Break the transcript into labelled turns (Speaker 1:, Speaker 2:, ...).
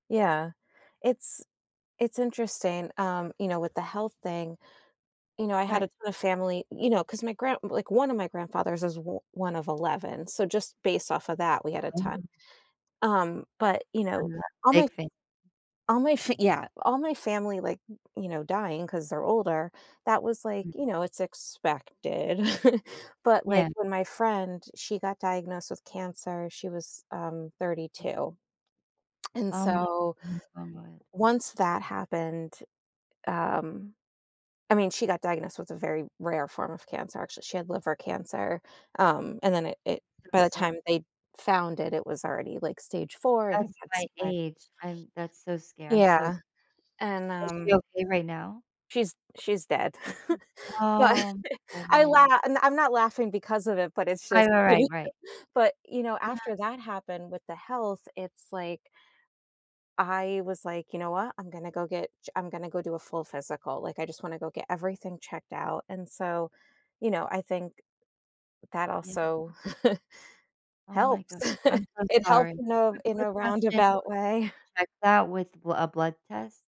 Speaker 1: Yeah, it's it's interesting, um, you know, with the health thing, you know, I had
Speaker 2: Right.
Speaker 1: a ton of family, you know 'cause my grand like one of my grandfathers is o one of 11, so, just based off of that, we had a
Speaker 2: Yeah.
Speaker 1: ton. Um, but, you know,
Speaker 2: [unintelligible]
Speaker 1: all my
Speaker 2: big fam
Speaker 1: all my f yeah, all my family, like, you know, dying 'cause they're older, that was like,
Speaker 2: Mm.
Speaker 1: you know, it's expected. But, like,
Speaker 2: Yeah.
Speaker 1: when my friend, she got diagnosed with cancer, she was, um, thirty
Speaker 2: M
Speaker 1: two. And
Speaker 2: Oh
Speaker 1: so,
Speaker 2: m [unintelligible]
Speaker 1: once that happened, um I mean, she got diagnosed with a very rare form of cancer, actually, she had liver cancer, um, and then it it
Speaker 2: So
Speaker 1: by the
Speaker 2: sorr
Speaker 1: time they found it, it was already, like, stage 4 and it
Speaker 2: That's
Speaker 1: had
Speaker 2: my
Speaker 1: spread
Speaker 2: age, I'm that's so scary, I'm
Speaker 1: Yeah.
Speaker 2: so
Speaker 1: And,
Speaker 2: Is she
Speaker 1: um
Speaker 2: okay right now?
Speaker 1: She's she's dead. But
Speaker 2: Oh.
Speaker 1: I
Speaker 2: [unintelligible]
Speaker 1: la and I'm not laughing because of it, but it's
Speaker 2: I
Speaker 1: just
Speaker 2: know, right, right.
Speaker 1: but, you know,
Speaker 2: Yeah.
Speaker 1: after that happened with the health, it's like I was like, "You know what, I'm gonna go get ch I'm gonna go do a full physical," like, "I just want to go get everything checked out." And so, you know, I think that
Speaker 2: Yeah.
Speaker 1: also
Speaker 2: Oh my
Speaker 1: helps.
Speaker 2: gosh, I'm so
Speaker 1: It helps
Speaker 2: sorry.
Speaker 1: in a
Speaker 2: Quick
Speaker 1: in
Speaker 2: quick
Speaker 1: a
Speaker 2: question, it
Speaker 1: roundabout
Speaker 2: was can
Speaker 1: way.
Speaker 2: you check that with bl a blood test?